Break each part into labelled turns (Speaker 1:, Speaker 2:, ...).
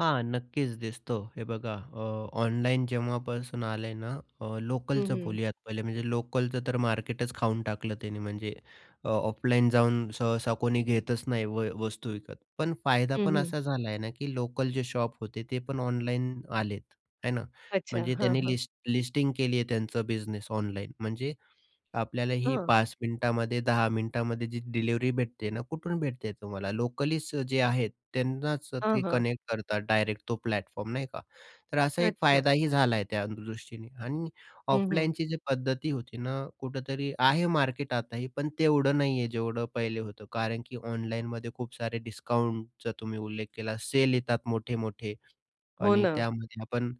Speaker 1: हां, नक्कीच दिसतो. हे बघा अ, ऑनलाईन जेव्हापासून आलंय ना अ,
Speaker 2: हं,
Speaker 1: लोकलचं
Speaker 2: हं.
Speaker 1: बोलूयात पहिले. म्हणजे लोकलचं तर मार्केटच खाऊन टाकलं त्यांनी. म्हणजे अ, ऑफलाईन जाऊन सहसा कोणी घेतच नाही व वस्तू विकत. पण फायदा
Speaker 2: हं,
Speaker 1: पण
Speaker 2: हं.
Speaker 1: असा झाला आहे ना, की लोकल जे शॉप होते ते पण ऑनलाईन आलेत. आहे ना?
Speaker 2: अच्छा,
Speaker 1: म्हणजे
Speaker 2: हां,
Speaker 1: त्यांनी
Speaker 2: हां.
Speaker 1: लिस्ट लिस्टिंग केली आहे त्यांचा बिझनेस ऑनलाईन. म्हणजे आपल्याला ही
Speaker 2: हं.
Speaker 1: 5 मिनिटामध्ये, 10 मिनिटामध्ये जी डिलिव्हरी भेटते ना, कुठून भेटते? तुम्हाला लोकलीच जे आहेत त्यांनाच
Speaker 2: हं,
Speaker 1: ते
Speaker 2: हं.
Speaker 1: कनेक्ट करतात डायरेक्ट तो प्लॅटफॉर्म, नाही का? तर असा एक
Speaker 2: अच्छा.
Speaker 1: फायदाही झाला आहे त्यादृष्टीने आणि
Speaker 2: हं, हं.
Speaker 1: ऑफलाईनची जी पद्धती होती ना, कुठेतरी आहे मार्केट आताही. पण तेवढं नाही आहे जेवढं पहिले होतं. कारण की ऑनलाईनमध्ये खूप सारे डिस्काउंटचा तुम्ही उल्लेख केला, सेल येतात मोठे-मोठे
Speaker 2: हो
Speaker 1: आणि
Speaker 2: ना.
Speaker 1: त्यामध्ये पण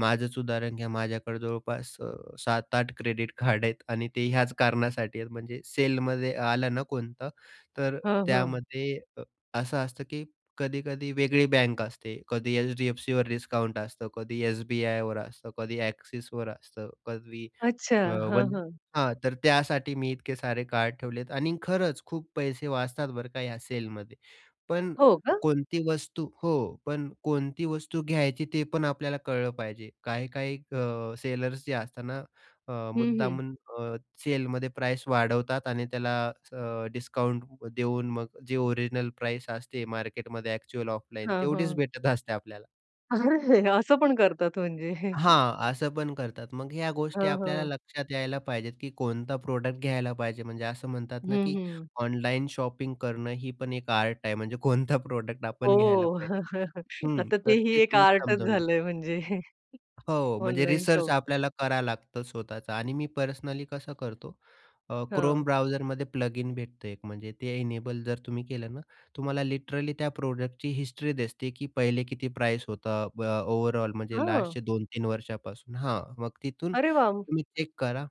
Speaker 1: माझंच उदाहरण घ्या, माझ्याकडे जवळपास अ, 7-8 क्रेडिट कार्ड आहेत आणि ते ह्याच कारणासाठी आहेत. म्हणजे सेलमध्ये आलं ना कोणतं तर
Speaker 2: हं, हं.
Speaker 1: त्यामध्ये अ, असं असतं, की कधी-कधी वेगळी बँक असते. कधी एच-डी-एफ-सीवर डिस्काउंट असतं. कधी एस-बी-आयवर असतं. कधी एक्सिसवर असतं. कधी
Speaker 2: अच्छा,
Speaker 1: अ,
Speaker 2: हां,
Speaker 1: वन
Speaker 2: हां.
Speaker 1: हां. तर त्यासाठी मी इतके सारे कार्ड ठेवले आहेत आणि खरंच खूप पैसे वाचतात बरं का या सेलमध्ये. पण
Speaker 2: हो का?
Speaker 1: कोणती वस्तू हो, पण कोणती वस्तू घ्यायची ते पण आपल्याला कळलं पाहिजे. काही-काही अ, सेलर्स जे असतात ना अ,
Speaker 2: हं, हं.
Speaker 1: मुद्दामून अ, सेलमध्ये प्राईज वाढवतात आणि त्याला अ, डिस्काउंट देऊन मग जे ओरिजिनल प्राईज असते मार्केटमध्ये, एक्चुअल ऑफलाईन,
Speaker 2: हां,
Speaker 1: तेवढीच
Speaker 2: हां.
Speaker 1: भेटत असते आपल्याला.
Speaker 2: अरे! असं पण करतात म्हणजे.
Speaker 1: हां, असं पण करतात. मग ह्या गोष्टी
Speaker 2: हं,
Speaker 1: आपल्याला
Speaker 2: हं.
Speaker 1: लक्षात यायला पाहिजेत, की कोणता प्रॉडक्ट घ्यायला पाहिजे. म्हणजे असं म्हणतात ना,
Speaker 2: हं,
Speaker 1: की
Speaker 2: हं.
Speaker 1: ऑनलाईन शॉपिंग करणं ही पण एक आर्ट आहे. म्हणजे कोणता प्रॉडक्ट
Speaker 2: हो,
Speaker 1: आपण घ्यायला पाहिजे हं,
Speaker 2: आता
Speaker 1: तर
Speaker 2: तेही
Speaker 1: ते
Speaker 2: एक
Speaker 1: तुम्ही
Speaker 2: आर्टच
Speaker 1: समजून घ्या.
Speaker 2: झालंय म्हणजे.
Speaker 1: हो म्हणजे
Speaker 2: ऑनलाईन
Speaker 1: रिसर्च
Speaker 2: शॉपिंग.
Speaker 1: आपल्याला करायला लागतं स्वतःच आणि मी पर्सनली कसं करतो. अ, Chrome
Speaker 2: हं.
Speaker 1: ब्राउझर मध्ये प्लगइन भेटतो एक. म्हणजे ते इनेबल जर तुम्ही केलं ना, तुम्हाला लिटरली त्या प्रॉडक्ट ची हिस्ट्री दिसते, की पहिले किती प्राईज होतं, ब ओव्हरऑल म्हणजे
Speaker 2: हां.
Speaker 1: लास्टचे 2-3 वर्षांपासून. हां, मग तिथून
Speaker 2: अरे वाह!
Speaker 1: तुम्ही चेक करा.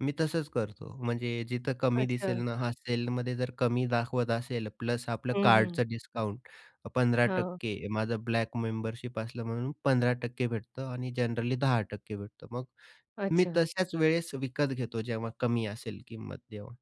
Speaker 1: मी तसंच करतो. म्हणजे जिथं कमी दिसेल
Speaker 2: अच्छा.
Speaker 1: ना, हां, सेलमध्ये जर कमी दाखवत असेल प्लस आपलं
Speaker 2: हं, हं.
Speaker 1: कार्डचं डिस्काउंट पंधरा
Speaker 2: हां.
Speaker 1: टक्के. माझं ब्लॅक मेंबरशिप असलं म्हणून 15% भेटतं आणि जनरली 10% भेटतं. मग मी
Speaker 2: अच्छा.
Speaker 1: तशाच वेळेस विकत घेतो, जेव्हा कमी असेल किंमत तेव्हा.